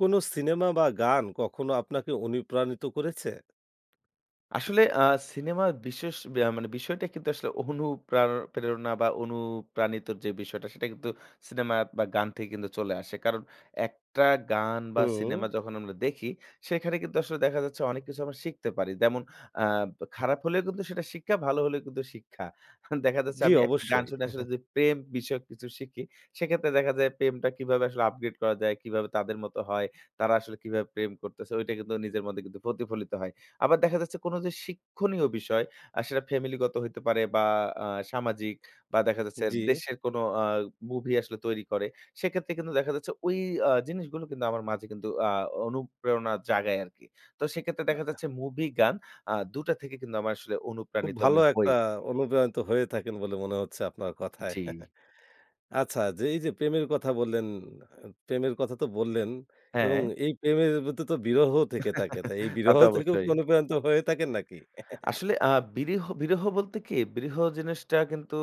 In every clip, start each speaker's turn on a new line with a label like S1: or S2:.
S1: কোনো সিনেমা বা গান কখনো আপনাকে অনুপ্রানিত করেছে?
S2: আসলে আ সিনেমা বিশেষ বেয়া মানে বিষয়টা কিন্তু আসলে অনুপ্রার প্রেরণা বা অনুপ্রাণিতর যে বিষয়টা সেটা কিন্তু সিনেমা বা গান থেকে কিন্তু চলে আসে। কারণ একটা গান বা
S1: হুম।
S2: সিনেমা যখন আমরা দেখি সেখানে কিন্তু আসলে দেখা যাচ্ছে অনেক কিছু আমরা শিখতে পারি। যেমন আ খারাপ হলেও কিন্তু সেটা শিক্ষা, ভালো হলেও কিন্তু শিক্ষা। দেখা যাচ্ছে
S1: জ্বি,
S2: আমি একটা গান
S1: অবশ্যই।
S2: শুনে আসলে যে প্রেম বিষয়ক কিছু শিখি, সেক্ষেত্রে দেখা যায় প্রেমটা কিভাবে আসলে upgrade করা যায়, কিভাবে তাদের মত হয়, তারা আসলে কিভাবে প্রেম করতেছে। ঐটা কিন্তু নিজের মধ্যে প্রতিফলিত হয়। আবার দেখা যাচ্ছে, কোন যে শিক্ষণীয় বিষয় আর সেটা family গত হইতে পারে বা আ সামাজিক বা দেখা যাচ্ছে
S1: জি।
S2: দেশের কোনো আ movie আসলে তৈরি করে। সেক্ষেত্রে কিন্তু দেখা যাচ্ছে ওই আ জিনিসগুলো কিন্তু আমার মাঝে কিন্তু আ অনুপ্রেরণা জাগায় আরকি। তো সেক্ষেত্রে দেখা যাচ্ছে movie গান আ ২ টা থেকে কিন্তু আমার আসলে
S1: খুব
S2: অনুপ্রাণিত
S1: ভালো
S2: আমি
S1: একটা
S2: হই।
S1: অনুপ্রাণিত হয়ে থাকেন বলে মনে হচ্ছে আপনার কথায়।
S2: জ্বি।
S1: আচ্ছা যে এই যে প্রেমের কথা বললেন, আ প্রেমের কথা তো বললেন এবং
S2: হ্যাঁ।
S1: এই প্রেমের মধ্যে তো বিরহ থেকে থাকে। তাই এই বিরহ
S2: তাতো
S1: থেকে
S2: অবশ্যই।
S1: অনুপ্রানিত হয়ে থাকেন নাকি?
S2: আসলে আ বিরহ, বিরহ বলতে কি, বিরহ জিনিসটা কিন্তু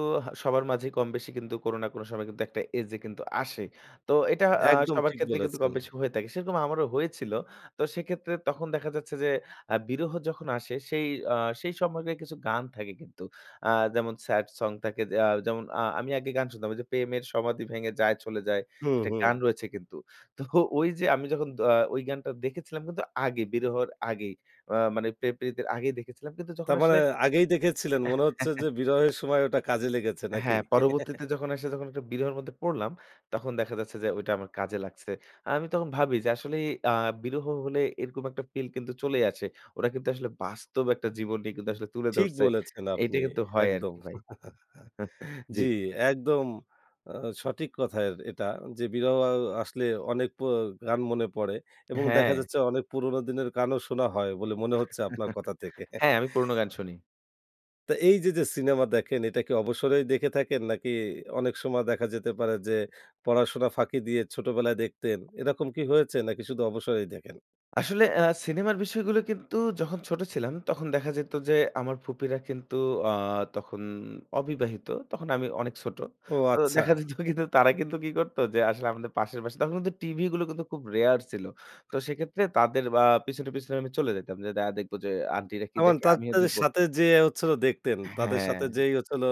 S2: সবার মাঝেই কমবেশি কিন্তু কোনো না কোনো সময় কিন্তু একটা age এ কিন্তু আসে। তো এটা আ
S1: একদম
S2: সবার
S1: ঠিক
S2: ক্ষেত্রে কিন্তু
S1: বলেছেন।
S2: কম বেশি হয়ে থাকে। সেরকম আমারও হয়েছিল। তো সেক্ষেত্রে তখন দেখা যাচ্ছে যে আ বিরহ যখন আসে সেই আ সেই সময়কার কিছু গান থাকে কিন্তু আ যেমন sad song থাকে যে আ যেমন আ আমি আগে গান শুনতাম ওইযে, 'প্রেমের সমাধি ভেঙে যায় চলে যায়'।
S1: হুম,
S2: একটা
S1: হুম।
S2: গান রয়েছে কিন্তু। তো ওই যে আমি যখন দ আ ওই গানটা দেখেছিলাম কিন্তু আগে। বিরহর আগেই অ মানে প্রেম প্রিতির আগেই দেখেছিলাম কিন্তু যখন
S1: তারমানে
S2: আসলে...
S1: আগেই দেখেছিলেন, মনে হচ্ছে যে বিরহের সময় ওটা কাজে লেগেছে নাকি?
S2: হ্যাঁ। পরবর্তীতে যখন এসে যখন একটা বিরহের মধ্যে পড়লাম। তখন দেখা যাচ্ছে যে ঐটা আমার কাজে লাগছে। আ আমি তখন ভাবি যে আসলেই আ বিরহ হলে এরকম একটা feel কিন্তু চলেই আসে। ওরা কিন্তু আসলে বাস্তব একটা জীবনটাই কিন্তু আসলে তুলে
S1: ঠিক
S2: ধরছে।
S1: বলেছেন
S2: এইটা
S1: আপনি,
S2: কিন্তু হয়
S1: একদম।
S2: আরকি ভাই। জ্বি।
S1: জি একদম আ সঠিক কথায় এটা যে বিরহ অ অ আসলে অনেক পো গান মনে পড়ে এবং দেখা
S2: হ্যাঁ।
S1: যাচ্ছে অনেক পুরোনো দিনের গানও শোনা হয় বলে মনে হচ্ছে আপনার কথা থেকে।
S2: হ্যাঁ। আমি পুরনো গান শুনি।
S1: তো এই যে, যে সিনেমা দেখেন এটা কি অবসরেই দেখে থাকেন নাকি অনেক সময় দেখা যেতে পারে যে পড়াশোনা ফাঁকি দিয়ে ছোটবেলায় দেখতেন, এরকম কি হয়েছে নাকি শুধু অবসরেই দেখেন?
S2: আসলে অ্যা সিনেমার বিষয়গুলো কিন্তু যখন ছোট ছিলাম, তখন দেখা যেত যে আমার ফুপিরা কিন্তু অ্যা তখন অবিবাহিত। তখন আমি অনেক ছোট।
S1: ও
S2: তো
S1: আচ্ছা!
S2: দেখা যেত কিন্তু তারা কিন্তু কি করত যে আসলে আমাদের পাশের বাসায় তখন কিন্তু টিভি গুলো কিন্তু খুব rare ছিল। তো সেক্ষেত্রে তাদের আ পিছনে, পিছনে আমি চলে যেতাম। যে দা দেখব যে আন্টিরা কি
S1: আমান
S2: দেখে,
S1: তাদ
S2: আমিও
S1: তাদের
S2: দেখবো।
S1: সাথে যেয়ে হচ্ছিল দেখতেন। তাদের
S2: হ্যাঁ।
S1: সাথে যেয়ে হচ্ছিল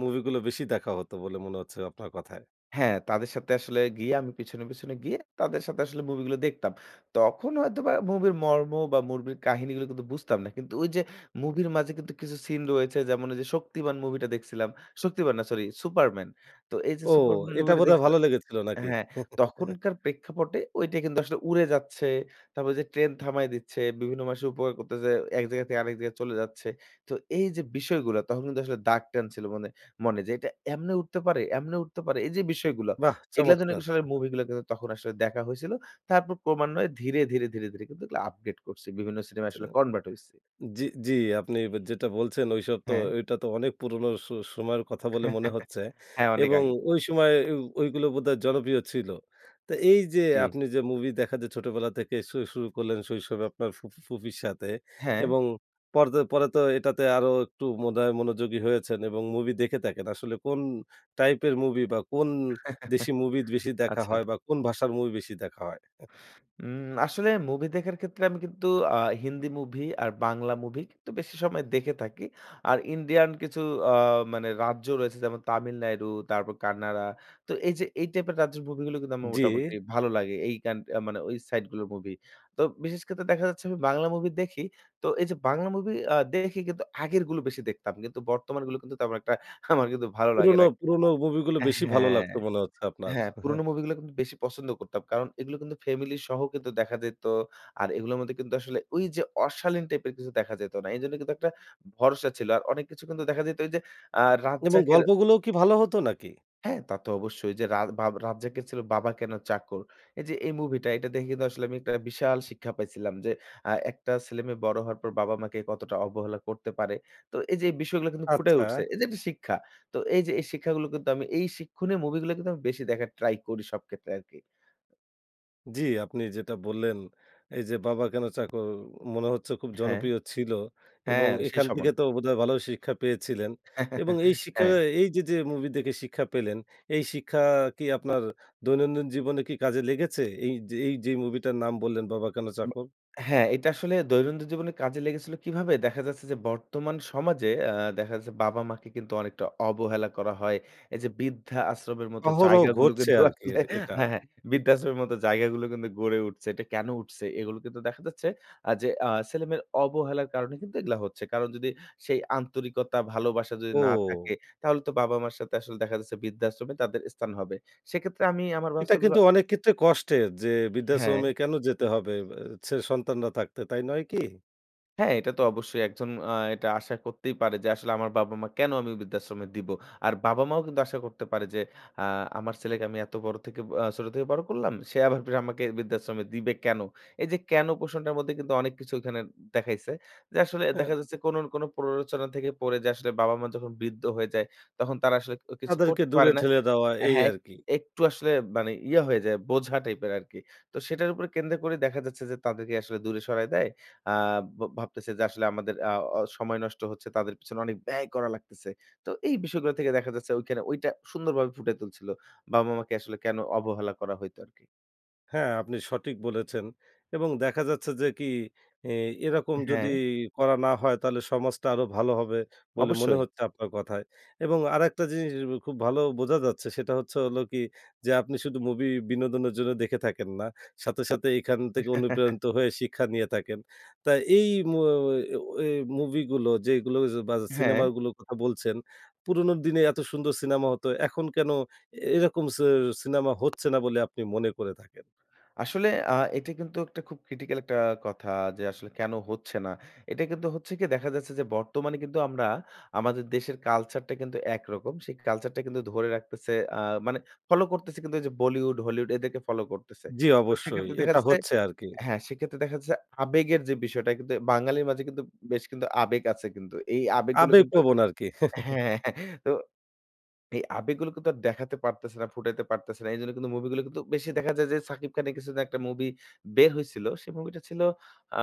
S1: মুভি গুলো বেশি দেখা হত বলে মনে হচ্ছে আপনার কথায়।
S2: হ্যাঁ, তাদের সাথে আসলে গিয়ে, আমি পিছনে, পিছনে গিয়ে তাদের সাথে আসলে মুভি গুলো দেখতাম। তখন হয়তোবা মুভির মর্ম বা মুভির কাহিনীগুলো কিন্তু বুঝতাম না। কিন্তু ওই যে মুভির মাঝে কিন্তু কিছু scene রয়েছে, যেমন ঐ যে শক্তিমান মুভিটা দেখছিলাম। শক্তিমান না সরি, সুপারম্যান। তো এই যে
S1: ও,
S2: সুপারম্যান
S1: এটা
S2: মুভি টা
S1: বোধহয় ভালো
S2: দেখছিলাম।
S1: লেগেছিল নাকি?
S2: হ্যাঁ, তখনকার প্রেক্ষাপটে ঐটা কিন্তু আসলে উড়ে যাচ্ছে, তারপর যে ট্রেন থামায় দিচ্ছে, বিভিন্ন মানুষের উপকার করতেছে, এক জায়গা থেকে আরেক জায়গায় চলে যাচ্ছে। তো এই যে বিষয়গুলো তখন কিন্তু আসলে দাগ টান ছিল মানে মনে, যে এইটা এমনে উঠতে পারে! এমনে উঠতে পারে! এই যে বিষয়গুলো,
S1: বাহ্‌
S2: এগুলার জন্য
S1: চমৎকার!
S2: আসলে মুভি গুলো কিন্তু তখন আসলে দেখা হয়েছিল। তারপর ক্রমান্বয়ে ধীরে, ধীরে, ধীরে, ধীরে কিন্তু এগুলা আপডেট করছি। বিভিন্ন সিনেমায়
S1: চ্য
S2: আসলে convert হইছে।
S1: জ্বি, জ্বি আপনি যেটা বলছেন ঐসব তো
S2: হ্যাঁ।
S1: ঐটা তো অনেক পুরোনো স সময়ের কথা বলে মনে হচ্ছে।
S2: হ্যাঁ, অনেক
S1: এবং
S2: আগে।
S1: ঐ সময় ও ঐগুলো বোধহয় জনপ্রিয় ছিল। তো এই যে
S2: জী।
S1: আপনি যে মুভি দেখা যে ছোটবেলা থেকে শু শুরু করলেন শৈশবে আপনার ফু ফুফির সাথে,
S2: হ্যাঁ।
S1: এবং পরতে পরে তো এটাতে আরো একটু মনে হয় মনোযোগী হয়েছেন এবং মুভি দেখে থাকেন। আসলে কোন টাইপের মুভি বা কোন দেশি মুভি বেশি দেখা হয়
S2: আচ্ছা।
S1: বা কোন ভাষার মুভি বেশি দেখা হয়?
S2: উম আসলে মুভি দেখার ক্ষেত্রে আমি কিন্তু আ হিন্দি মুভি আর বাংলা মুভি কিন্তু বেশি সময় দেখে থাকি। আর ইন্ডিয়ান কিছু অ্যা মানে রাজ্য রয়েছে যেমন তামিলনাড়ু, তারপর কান্নাডা, তো এই যে এই টাইপের রাজ্যের মুভি গুলো কিন্তু আমার
S1: জ্বি।
S2: মোটামুটি ভালো লাগে। এই কান মানে ঐ সাইড গুলোর মুভি। তো বিশেষ ক্ষেত্রে দেখা যাচ্ছে আমি বাংলা মুভি দেখি। তো এই যে বাংলা মুভি আ দেখি কিন্তু আগেরগুলো বেশি দেখতাম। কিন্তু বর্তমানগুলো কিন্তু একটা আমার কিন্তু ভালো লাগে
S1: পুরোনো,
S2: নাই।
S1: পুরোনো মুভি গুলো বেশি ভালো
S2: হ্যাঁ,
S1: লাগতো মনে হচ্ছে আপনার।
S2: হ্যাঁ। পুরোনো মুভি গুলো কিন্তু বেশি পছন্দ করতাম। কারণ এগুলো কিন্তু ফ্যামিলি সহ কিন্তু দেখা যেত আর এগুলোর মধ্যে কিন্তু আসলে ওই যে অশালীন টাইপের কিছু দেখা যেত না। এজন্য কিন্তু একটা ভরসা ছিল। আর অনেক কিছু কিন্তু দেখা যাইতো এইযে অ্যা
S1: এবং
S2: রাজ্জাকের
S1: গল্পগুলোও কি ভালো হতো নাকি?
S2: হ্যাঁ, তা তো অবশ্যই। যে রাজ বাব রাজ্জাকের ছিল 'বাবা কেন চাকর?' এই যে এই মুভি টা এটা দেখে কিন্তু আসলে আমি একটা বিশাল শিক্ষা পাইছিলাম, যে আ একটা ছেলেমেয়ে বড় হওয়ার পর বাবা মাকে কতটা অবহেলা করতে পারে! তো এই যে এই বিষয়গুলো কিন্তু ফুটায়
S1: আচ্ছা।
S2: উঠছে। এই যে একটা শিক্ষা। তো এই যে এই শিক্ষাগুলো কিন্তু আমি এই শিক্ষনীয় মুভি গুলো কিন্তু বেশি দেখার try করি সব ক্ষেত্রে আরকি।
S1: জ্বি। আপনি যেটা বললেন, এই যে 'বাবা কেন চাকর?' মনে হচ্ছে খুব
S2: হ্যাঁ।
S1: জনপ্রিয় ছিল
S2: হ্যাঁ,
S1: এবং
S2: সেই
S1: এখান থেকে
S2: সময়।
S1: তো বোধহয় ভালোই শিক্ষা পেয়েছিলেন এবং এই শিক্ষা
S2: হ্যাঁ।
S1: এই যে, যে movie দেখে শিক্ষা পেলেন। এই শিক্ষা কি আপনার দৈনন্দিন জীবনে কি কাজে লেগেছে? এইযে, এই যে মুভিটার নাম বললেন 'বাবা কেন
S2: ব
S1: চাকর?'
S2: হ্যাঁ, এটা আসলে দৈনন্দিন জীবনে কাজে লেগেছিল কীভাবে? দেখা যাচ্ছে যে, বর্তমান সমাজে আ দেখা যাচ্ছে বাবা মাকে কিন্তু অনেকটা অবহেলা করা হয়। এই যে বৃদ্ধা আশ্রম এর মত
S1: অহরহ
S2: জায়গাগুলো
S1: ঘটছে
S2: কিন্তু
S1: আরকি
S2: আসলে
S1: এদ এটা।
S2: হ্যাঁ, হ্যাঁ। বৃদ্ধাশ্রমের মত জায়গাগুলো কিন্তু গড়ে উঠছে। এটা কেন উঠছে? এগুলো কিন্তু দেখা যাচ্ছে আ যে আ ছেলেমেয়ের অবহেলার কারণে কিন্তু এগুলা হচ্ছে। কারণ যদি সেই আন্তরিকতা, ভালোবাসা যদি না
S1: ও।
S2: থাকে, তাহলে তো বাবা মার সাথে আসলে দেখা যাচ্ছে বৃদ্ধাশ্রমে তাদের স্থান হবে। সেক্ষেত্রে আমি আমার
S1: এটা কিন্তু
S2: বাচ্চাগুলা
S1: অনেক ক্ষেত্রে কষ্টের। যে বৃদ্ধাশ্রমে
S2: হ্যাঁ।
S1: কেন যেতে হবে বে ছেলে সন্তানরা থাকতে, তাই নয় কি?
S2: হ্যাঁ। এটা তো অবশ্যই একজন অ্যা এটা আশা করতেই পারে যে, আসলে আমার বাবা মা, কেন আমি ঐ বৃদ্ধাশ্রমে দিব। আর বাবা মাও কিন্তু আশা করতে পারে যে, অ্যা আমার ছেলেকে আমি এত বড় থেকে অ্যা ছোট থেকে বড় করলাম। সে আবার আমাকে বৃদ্ধাশ্রমে দিবে কেন? এই যে কেন প্রশ্নটার মধ্যে কিন্তু অনেক কিছু ওইখানে দেখাইছে। যে আসলে
S1: হ্যাঁ।
S2: দেখা যাচ্ছে কোন না কোন প্ররোচনা থেকে পড়ে। যে আসলে বাবা মা যখন বৃদ্ধ হয়ে যায় তখন তারা আসলে ক কিছু
S1: তাদেরকে
S2: করতে
S1: দূরে
S2: পারে না।
S1: ঠেলে দেওয়া। এই
S2: হ্যাঁ, এক
S1: আর কী।
S2: একটু আসলে মানে ইয়ে হয়ে যায় বোঝা টাইপের আরকি। তো সেটার উপরে কেন্দ্র করে দেখা যাচ্ছে যে তাদেরকে আসলে দূরে সরায় দেয়। আ ভ ভাবতেছে যে আসলে আমাদের আ অ সময় নষ্ট হচ্ছে। তাদের পিছনে অনেক ব্যয় করা লাগতেছে। তো এই বিষয়গুলার থেকে দেখা যাচ্ছে ঐখানে ঐটা সুন্দরভাবে ফুটাই তুলছিল। বাবা মাকে আসলে কেন অবহেলা করা হইত আরকি।
S1: হ্যাঁ, আপনি সঠিক বলেছেন এবং দেখা যাচ্ছে যে কি? এ এরকম
S2: আ
S1: যদি
S2: হ্যাঁ।
S1: করা না হয় তাহলে সমাজটা আরো ভালো হবে বলে মনে
S2: অবশ্যই।
S1: হচ্ছে আপনার কথায়। এবং আরেকটা জিনিস য খুব ভালো বোঝা যাচ্ছে সেটা হচ্ছে হলো কি? যে আপনি শুধু মুভি বিনোদনের জন্য দেখে থাকেন না সাথে, সাথে এখান থেকে অনুপ্রেরণিত হয়ে শিক্ষা নিয়ে থাকেন। তা এই মো ওয়ে ও এই মুভিগুলো যেগুলো ঐয বায
S2: হ্যাঁ।
S1: সিনেমাগুলোর কথা বলছেন, পুরনো দিনে এত সুন্দর সিনেমা হতো। এখন কেনো এ এরকম সি সিনেমা হচ্ছে না বলে আপনি মনে করে থাকেন?
S2: আসলে আ এইটা কিন্তু একটা খুব ক্রিটিক্যাল একটা কথা যে আসলে কেনো হচ্ছে না? এইটা কিন্তু হচ্ছে কি? দেখা যাচ্ছে যে বর্তমানে কিন্তু আমরা আমাদের দেশের কালচারটা কিন্তু একরকম। সেই কালচারটা কিন্তু ধরে রাখতেছে আ মানে ফলো করতেছে কিন্তু যে Bollywood Hollywood এদেরকে ফলো করতেছে।
S1: জি
S2: তো
S1: অবশ্যই।
S2: সেইক্ষেত্রে দেখা
S1: এটা
S2: যাচ্ছে
S1: হচ্ছে আরকি।
S2: হ্যাঁ, সেক্ষেত্রে দেখা যাচ্ছে আবেগের যে বিষয়টা কিন্তু বাঙালির মাঝে কিন্তু বেশ কিন্তু আবেগ আছে কিন্তু এই আবেগ গুলো কিন্তু
S1: আবেগপ্রবন আরকি।
S2: হ্যাঁ, হ্যাঁ, হ্যাঁ তো এই আবেগগুলো কিন্তু আর দেখাতে পারতেছে না, ফুটাইতে পারতেছে না। এইজন্য কিন্তু মুভিগুলো কিন্তু বেশি দেখা যায় যে শাকিব খানের কিছুদিন একটা মুভি বের হইছিল। সেই মুভি টা ছিল আ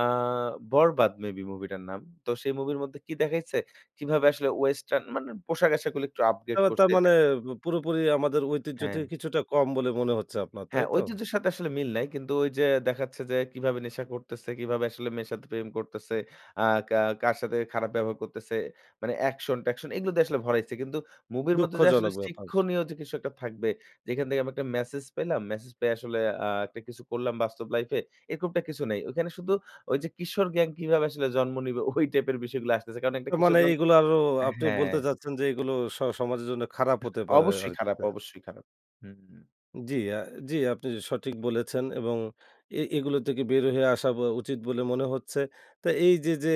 S2: 'বরবাদ' মেবি মুভিটার নাম। তো সেই মুভির মধ্যে কি দেখাইছে? কিভাবে আসলে ওয়েস্টার্ন মানে পোশাকআশাক গুলো একটু আপডেট
S1: এবার তার
S2: করছে এটা।
S1: মানে পু পুরোপুরি আমাদের ঐতিহ্য থেকে
S2: হ্যাঁ।
S1: কিছুটা কম বলে মনে হচ্ছে আপনার, তাই
S2: হ্যাঁ,
S1: তো?
S2: ঐতিহ্যের সাথে আসলে মিল নাই। কিন্তু ঐযে দেখাচ্ছে যে কিভাবে নেশা করতেছে? কিভাবে আসলে মেয়ের সাথে প্রেম করতেছে? আ কা কার সাথে খারাপ ব্যবহার করতেছে? মানে অ্যাকশন-ট্যাকশন এগুলো দিয়ে আসলে ভরাইছে। কিন্তু মুভির মধ্যে যে আসলে
S1: দুঃখজনক ব্যাপার।
S2: শিক্ষণীয় যে কিছু একটা থাকবে, যেখান থেকে আমি একটা ম্যাসেজ পেলাম, ম্যাসেজ পেয়ে আসলে আ একটা কিছু করলাম বাস্তব লাইফে। এরকমটা কিছু নেই। ঐখানে শুধু ঐযে কিশোর গ্যাং কিভাবে আসলে জন্ম নিবে? ওই টাইপের বিষয়গুলো আসতেছে। কারণ একটা
S1: আ
S2: কিশোর
S1: মানে
S2: গং
S1: এগুলো আরো
S2: আ
S1: আপনি বলতে
S2: হ্যাঁ।
S1: চাচ্ছেন যে এগুলো স সমাজের জন্য খারাপ হতে পারে
S2: অবশ্যই
S1: আরকি
S2: খারাপ,
S1: নাহ!
S2: অবশ্যই খারাপ। হুমউ।
S1: জ্বি, আ জ্বি আপনি সঠিক বলেছেন এবং এ এগুলো থেকে বের হয়ে আসা ব উচিৎ বলে মনে হচ্ছে। তো এই যে, যে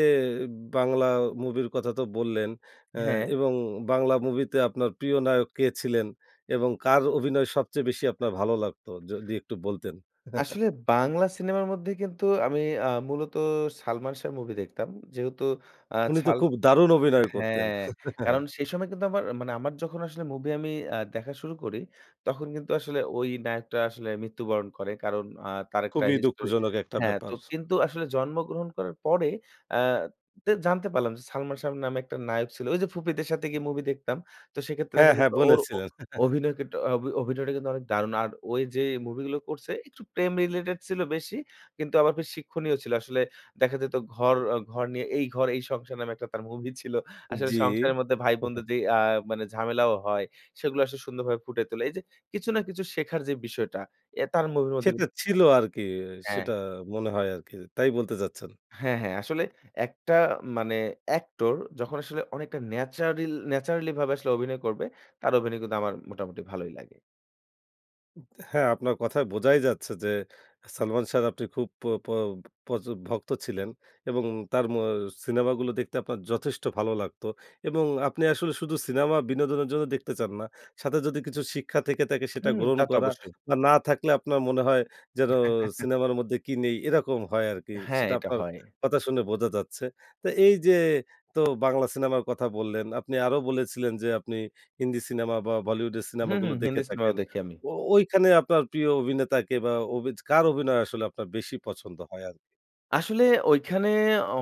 S1: বাংলা movie এর কথা তো বললেন অ্যা
S2: হ্যাঁ।
S1: এবং বাংলা movie তে আপনার প্রিয় নায়ক কে ছিলেন এবং কার অভিনয় সবচেয়ে বেশি আপনার ভালো লাগতো যদি একটু বলতেন?
S2: আসলে বাংলা সিনেমার মধ্যে কিন্তু আমি আ মূলত 'সালমান শাহর' movie দেখতাম। যেহেতু অ্যা
S1: উনি তো
S2: সাল
S1: খুব দারুণ অভিনয় করতেন।
S2: হ্যাঁ, কারণ সেই সময় কিন্তু আমার মানে আমার যখন আসলে movie আমি আ দেখা শুরু করি তখন কিন্তু আসলে ওই নায়কটা আসলে মৃত্যুবরণ করে, কারণ আ তার একটা
S1: খুবই
S2: history
S1: দুঃখজনক একটা
S2: হ্যাঁ, তো
S1: ব্যাপার।
S2: কিন্তু আসলে জন্মগ্রহণ করার পরে, আ তে জানতে পারলাম যে 'সালমান শাহ' নামে একটা নায়ক ছিল, ওই যে ফুপিদের সাথে গিয়ে movie দেখতাম। তো সেক্ষেত্রে
S1: হ্যাঁ,
S2: দেখা
S1: হ্যাঁ,
S2: যেত ওর ও
S1: বলেছিলেন।
S2: অভিনয় কিন্তু, অভি অভিনয়টা কিন্তু অনেক দারুণ। আর ওই যে মুভি গুলো করছে একটু প্রেম related ছিল বেশি। কিন্তু আবার বেশ শিক্ষণীয় ছিল আসলে, দেখা যেত ঘর অ ঘর নিয়ে 'এই ঘর এই সংসার' নামে একটা তার movie ছিল। আসলে
S1: জ্বি।
S2: সংসারের মধ্যে ভাই বোনদের যেই আ মানে ঝামেলাও হয় সেগুলো আসলে সুন্দরভাবে ফুটিয়ে তোলে। এই যে কিছু না কিছু শেখার যে বিষয়টা, এ তার movie এর মধ্যে
S1: সেটা
S2: কিন্তু
S1: ছিল
S2: পেতাম।
S1: আরকি,
S2: হ্যাঁ।
S1: সেটা মনে হয় আরকি, তাই বলতে চাচ্ছেন।
S2: হ্যাঁ, হ্যাঁ, আসলে, একটা মানে actor যখন আসলে অনেকটা natural naturally ভাবে আসলে অভিনয় করবে তার অভিনয় কিন্তু আমার মোটামুটি ভালোই লাগে।
S1: হ্যাঁ, আপনার কথায় বোঝাই যাচ্ছে যে 'সালমান সাহ' র আপনি খুব প প প্রচুর ভক্ত ছিলেন এবং তার ম আ সিনেমাগুলো দেখতে আপনার যথেষ্ট ভালো লাগত। এবং আপনি আসলে শুধু সিনেমা বিনোদনের জন্য দেখতে চান না। সাথে যদি কিছু শিক্ষা থেকে থাকে সেটা
S2: হুম,
S1: গ্রহণ
S2: তা তো
S1: করা
S2: অবশ্যই।
S1: বা না থাকলে আপনার মনে হয় যেনো সিনেমার মধ্যে কি নেই এরকম হয় আর কি।
S2: হ্যাঁ,
S1: সেটা
S2: এটা
S1: আপনার
S2: হয়।
S1: কথা শুনে বোঝা যাচ্ছে। তো এই যে তো বাংলা সিনেমার কথা বললেন আপনি আরও বলেছিলেন যে, আপনি হিন্দি সিনেমা বা বলিউডের
S2: হুম,
S1: সিনেমাগুলো
S2: হুম,
S1: দেখে
S2: হিন্দি সিনেমাও
S1: থাকেন।
S2: দেখি আমি।
S1: ও ঐখানে আপনার প্রিয় অভিনেতা কে বা অভিজ কার অভিনয় আসলে আপনার বেশি পছন্দ হয় আর কি?
S2: আসলে ঐখানে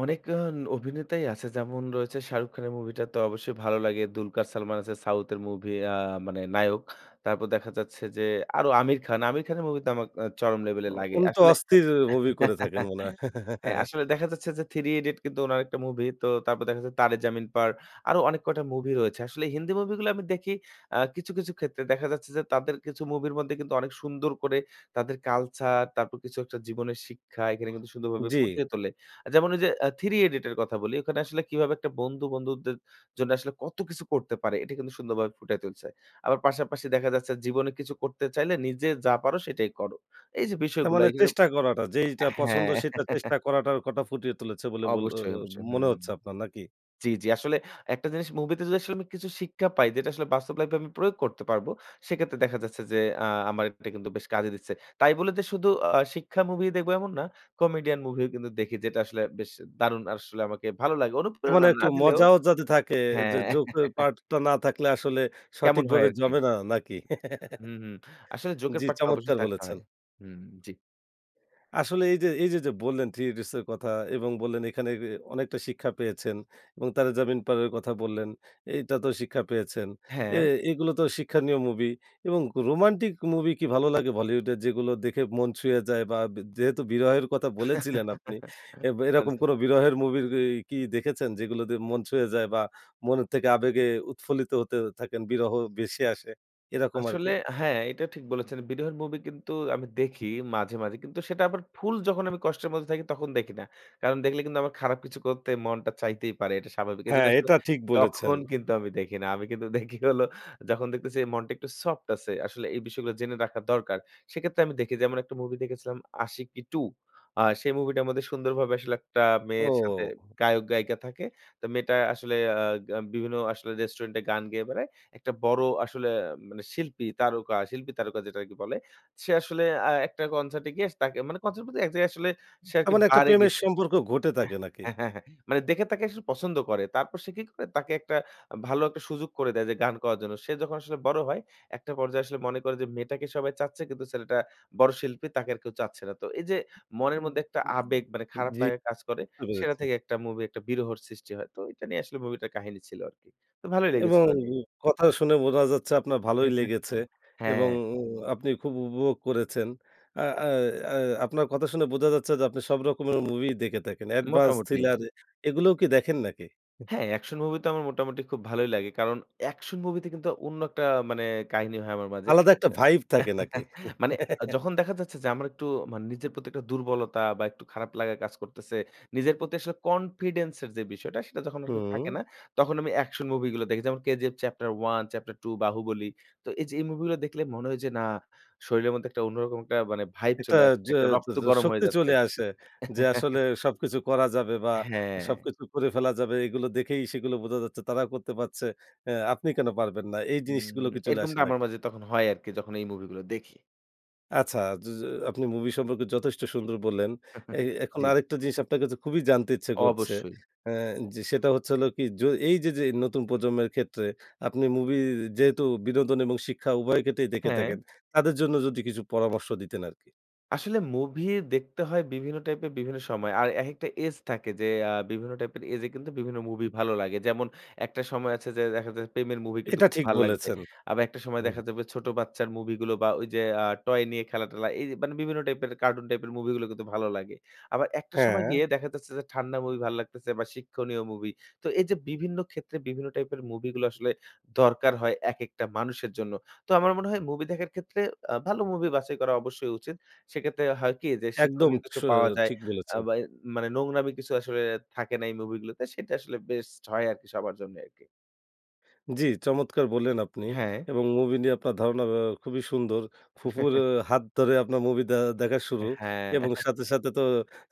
S2: অনেক আ অভিনেতাই আছে। যেমন রয়েছে 'শাহরুখ খান' এর movie টা তো অবশ্যই ভালো লাগে। 'দুলকার সালমান' আছে সাউথ এর movie আ মানে নায়ক। তারপর দেখা যাচ্ছে যে আরো 'আমির খান'। 'আমির খান' এর movie তো আমাক আ চরম level
S1: আ
S2: এ লাগে।
S1: উনি তো
S2: আসলে
S1: অস্থির movie করে থাকেন মনে হয়?
S2: হ্যাঁ, আসলে দেখা যাচ্ছে যে, '3 Idiots' কিন্তু উনার একটা movie তো তারপর দেখা যাচ্ছে যে 'Taare Zameen Par' আরো অনেক কয়টা movie রয়েছে। আসলে হিন্দি movie গুলো আমি দেখি আ কিছু, কিছু ক্ষেত্রে দেখা যাচ্ছে যে, তাদের কিছু movie এর মধ্যে কিন্তু অনেক সুন্দর করে তাদের culture, তারপর কিছু একটা জীবনের শিক্ষা, এখানে কিন্তু সুন্দরভাবে
S1: জি।
S2: ফুটিয়ে তোলে। যেমন ঐ যে আ '3 Idiot' এর কথা বলি। ঐখানে আসলে কিভাবে একটা বন্ধু বন্ধুদের জন্য আসলে কত কিছু করতে পারে এটা কিন্তু সুন্দরভাবে ফুটাই তুলছে। আবার পাশাপাশি দেখা যাচ্ছে জীবনে কিছু করতে চাইলে নিজে যা পারো সেটাই করো। এই যে
S1: তার
S2: বিষয়গুলো
S1: মানে
S2: এগুলা
S1: চেষ্টা করাটা
S2: হ্যাঁ।
S1: যেইটা পছন্দ সেটা চেষ্টা করাটা কথা ফুটিয়ে তুলেছে বলে বল আ
S2: অবশ্যই,
S1: আ
S2: অবশ্যই।
S1: মনে
S2: হুম।
S1: হচ্ছে আপনার নাকি?
S2: জি, জি, আসলে একটা জিনিস movie তে যদি আসলে আমি কিছু শিক্ষা পাই যেটা আসলে বাস্তব life এ আমি প্রয়োগ করতে পারব সেক্ষেত্রে দেখা যাচ্ছে যে আ আমার এটা কিন্তু বেশ কাজে দিচ্ছে। তাই বলে যে শুধু আ শিক্ষা movie ই দেখব এমন না। comedian movie ও কিন্তু দেখি যেটা আসলে বেশ দারুণ আসলে আমাকে ভালো লাগে।
S1: তার মানে
S2: অনুপ্রেরণা
S1: একটু
S2: না দিলেও
S1: মজাও যাতে থাকে যে
S2: হ্যাঁ।
S1: joke এর part টা না থাকলে আসলে
S2: কেমন হয়
S1: সঠিকভাবে
S2: আর কি।
S1: জমে না না কি?
S2: হুম, হুম, আসলে joke এর
S1: জি,
S2: part টা অবশ্যই
S1: চমৎকার
S2: থাকতে
S1: বলেছেন।
S2: হয়। হুম, হুম, জি।
S1: আসলে এই যে এই যে, যে বললেন '3 Idiots' এর কথা এবং বললেন এখানে এ অনেকটা শিক্ষা পেয়েছেন এবং 'Taare Zameen Par' এর কথা বললেন। এইটা তেও শিক্ষা পেয়েছেন। এ
S2: হ্যাঁ।
S1: এগুলো তো শিক্ষানীয় মুভি এবং রোমান্টিক মুভি কি ভালো লাগে বলিউডের যেগুলো দেখে মন ছুঁয়ে যায় বা ব যেহেতু বিরহের কথা বলেছিলেন আপনি, এব এরকম
S2: আচ্ছা।
S1: কোনো বিরহের মুভির ই কি দেখেছেন? যেগুলো দিয়ে মন ছুঁয়ে যায় বা মনের থেকে আবেগে উৎফুল্লিত হতে থাকেন, বিরহ বেশি আসে এরকম আরকি?
S2: আসলে হ্যাঁ, এইটা ঠিক বলেছেন। বিরহর মুভি কিন্তু আমি দেখি মাঝে, মাঝে। কিন্তু সেটা আবার full যখন আমি কষ্টের মধ্যে থাকি, তখন দেখি না। কারণ দেখলে কিন্তু আমার খারাপ কিছু করতে মনটা চাইতেই পারে। এটা স্বাভাবিক।
S1: হ্যাঁ,
S2: এইজন্য আসলে
S1: এটা ঠিক বলেছেন।
S2: তখন কিন্তু আমি দেখি না। আমি কিন্তু দেখি হলো যখন দেখতেছি মনটা একটু soft আছে, আসলে এই বিষয়গুলো জেনে রাখা দরকার, সেক্ষেত্রে আমি দেখি যেমন একটা মুভি দেখেছিলাম 'Ashiqui 2'। আ সেই মুভিটার মধ্যে সুন্দরভাবে আসলে একটা মেয়ের সাথে
S1: ও।
S2: গায়ক গায়িকা থাকে। তো মেয়েটা আসলে আ আ বিভিন্ন আসলে রেস্টুরেন্টে গান গেয়ে বেড়ায়। একটা বড় আসলে মানে শিল্পী, তারকা, শিল্পী তারকা যেটা আর কি বলে, সে আসলে আ একটা কনসার্ট এ গিয়ে তাকে মানে কনসার্ট বলতে কি, এক জায়গায় আসলে সে আরকি
S1: তেমন একটা
S2: bar এ
S1: প্রেমের
S2: গিয়েছিল।
S1: সম্পর্ক ঘটে থাকে নাকি?
S2: হ্যাঁ, হ্যাঁ, হ্যাঁ, মানে দেখে তাকে আসলে পছন্দ করে। তারপর সে কি করে তাকে একটা ভালো একটা সুযোগ করে দেয় যে গান করার জন্য। সে যখন আসলে বড় হয়, একটা পর্যায়ে আসলে মনে করে যে মেয়েটাকে সবাই চাচ্ছে কিন্তু ছেলেটা বড় শিল্পী তাকে আর কেউ চাচ্ছে না। তো এই যে মনের
S1: উম
S2: মধ্যে একটা
S1: উম
S2: আবেগ, মানে খারাপ
S1: জ্বি।
S2: লাগা কাজ করে
S1: বুঝতে
S2: সেটা
S1: পেরেছি।
S2: থেকে একটা মুভি একটা বিরহর সৃষ্টি হয়। তো এইটা নিয়ে আসলে মুভিটার কাহিনী ছিল আরকি। তো ভালোই
S1: এবং
S2: লেগেছিল আরকি।
S1: কথা শুনে বোঝা যাচ্ছে আপনার ভালোই লেগেছে। এবং
S2: হ্যাঁ।
S1: আপনি খুব উপভোগ করেছেন। আ অ্যা অ্যা আপনার কথা শুনে বোঝা যাচ্ছে যে আপনি সব রকমের মুভি দেখে থাকেন। Advance,
S2: মোটামুটি।
S1: thriller এগুলোও কি দেখেন নাকি?
S2: হ্যাঁ, অ্যাকশন মুভি তো আমার মোটামুটি খুব ভালোই লাগে। কারণ অ্যাকশন মুভিতে কিন্তু অন্য একটা মানে কাহিনী হয় আমার মাঝে।
S1: আলাদা একটা vibe থাকে নাকি?
S2: মানে যখন দেখা যাচ্ছে যে আমার একটু মানে নিজের প্রতি একটা দুর্বলতা বা একটু খারাপ লাগা কাজ করতেছে, নিজের প্রতি আসলে confidence এর যে বিষয়টা, সেটা যখন আরকি থাকে
S1: হুম।
S2: না, তখন আমি অ্যাকশন মুভি গুলো দেখি। যেমন 'KGF Chapter 1', Chapter 2, 'Baahubali'। তো এই যে এই মুভি গুলো দেখলে মনে হয় যে না, শরীরের মধ্যে একটা অন্যরকম একটা মানে vibe
S1: এটা
S2: চলে আসছে।
S1: য
S2: একটা
S1: য
S2: রক্ত
S1: য
S2: গরম হয়ে
S1: শক্তি
S2: যাচ্ছে।
S1: চলে আসে। যে আসলে সবকিছু করা যাবে বা
S2: হ্যাঁ।
S1: সবকিছু করে ফেলা যাবে, এগুলো দেখেই সেগুলো বোঝা যাচ্ছে, তারা করতে পারছে, অ্যা আপনি কেন পারবেন না? এই জিনিসগুলো
S2: উম
S1: কি চলে আসে
S2: এরকমটা আমার
S1: নাকি?
S2: মাঝে তখন হয় আরকি যখন এই মুভি গুলা দেখি।
S1: আচ্ছা, য আপনি মুভি সম্পর্কে যথেষ্ট সুন্দর বললেন। এ এখন
S2: জ্বী।
S1: আরেকটা জিনিস আপনার কাছে খুবই জানতে ইচ্ছা করছে।
S2: অবশ্যই।
S1: আ যে সেটা হচ্ছে হল কি? যে এই যে যে নতুন প্রজন্মের ক্ষেত্রে আপনি মুভি যেহেতু বিনোদন এবং শিক্ষা উভয় ক্ষেত্রেই দেখে থাকেন,
S2: হ্যাঁ।
S1: তাদের জন্য যদি কিছু পরামর্শ দিতেন আরকি।
S2: আসলে movie দেখতে হয় বিভিন্ন type এর বিভিন্ন সময়। আর একেকটা age থাকে যে আ বিভিন্ন type এর age এ কিন্তু বিভিন্ন movie ভালো লাগে। যেমন একটা সময় আছে যে দেখা যায় যে প্রেমের movie কিন্তু
S1: এটা
S2: খুব
S1: ঠিক
S2: ভালো লাগবে।
S1: বলেছেন।
S2: আবার একটা সময়
S1: হুম।
S2: দেখা যাবে ছোট বাচ্চার মুভি গুলো বা ওই যে আ toy নিয়ে খেলা টেলা এই মানে বিভিন্ন type এর cartoon type এর movie গুলো কিন্তু ভালো লাগে। আবার একটা সময়
S1: হ্যাঁ।
S2: গিয়ে দেখা যাচ্ছে যে ঠান্ডা movie ভালো লাগতেসে বা শিক্ষণীয় movie. তো এই যে বিভিন্ন ক্ষেত্রে বিভিন্ন type এর movie গুলো আসলে দরকার হয় একেকটা মানুষের জন্য। তো আমার মনে হয় movie দেখার ক্ষেত্রে আ ভালো movie বাছাই করা অবশ্যই উচিত। সেক্ষেত্রে হয় কি? যে
S1: একদম
S2: শিক্ষণীয়
S1: স
S2: কিছু পাওয়া যায়
S1: ঠিক
S2: আ
S1: বলেছেন।
S2: বা মানে নোংরামি কিছু আসলে থাকে না এই movie গুলোতে সেটা আসলে best হয় আরকি সবার জন্য আরকি।
S1: জ্বী, চমৎকার বললেন আপনি
S2: হ্যাঁ।
S1: এবং movie নিয়ে আপনার ধারণা আ খুবই সুন্দর। ফুফুর হাত ধরে আপনার movie দে দেখা শুরু
S2: হ্যাঁ।
S1: এবং সাথে, সাথে তো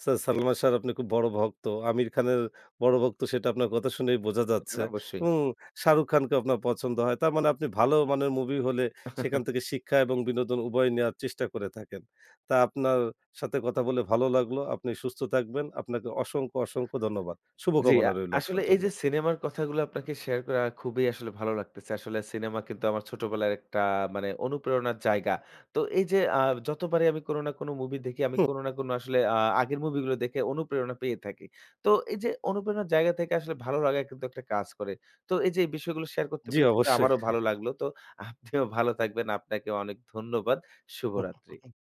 S1: সা সালমান সাহর আপনি খুব বড় ভক্ত। আমির খানের বড় ভক্ত সেটা আপনার কথা শুনেই
S2: হুম,
S1: বোঝা
S2: এটা
S1: যাচ্ছে
S2: তো অবশ্যই।
S1: এবং শাহরুখ খানকে আপনার পছন্দ হয়। তারমানে আপনি ভালো মানের movie হলে সেখান থেকে শিক্ষা এবং বিনোদন উভয় নেয়ার চেষ্টা করে থাকেন। তা আপনার সাথে কথা বলে ভালো লাগলো। আপনি সুস্থ থাকবেন, আপনাকে অসংখ্য, অসংখ্য ধন্যবাদ।
S2: জ্বী।
S1: শুভকামনা
S2: আ
S1: রইলো
S2: আসলে
S1: আপনার
S2: এই
S1: জন্য।
S2: যে cinema র কথাগুলো আপনাকে share করে আমার খুবই আসলে ভালো লাগতেছে। আসলে cinema কিন্তু আমার ছোটবেলার একটা মানে অনুপ্রেরণার জায়গা। তো এই যে আ যতবারই আমি কোন না কোন movie দেখি আমি
S1: হুম।
S2: কোন না কোন আসলে আ আগের movie গুলো দেখে অনুপ্রেরণা পেয়ে থাকি। তো এই যে অনুপ্রেরণার জায়গা থেকে আসলে ভালো লাগা কিন্তু একটা কাজ করে। তো এই যে এই বিষয়গুলো share করতে
S1: জ্বী।
S2: পারে কিন্তু
S1: অবশ্যই।
S2: আমারও ভালো লাগলো। তো আপনিও ভালো থাকবেন। আপনাকে অনেক ধন্যবাদ।
S1: হুম,
S2: শুভরাত্রি।
S1: হুম।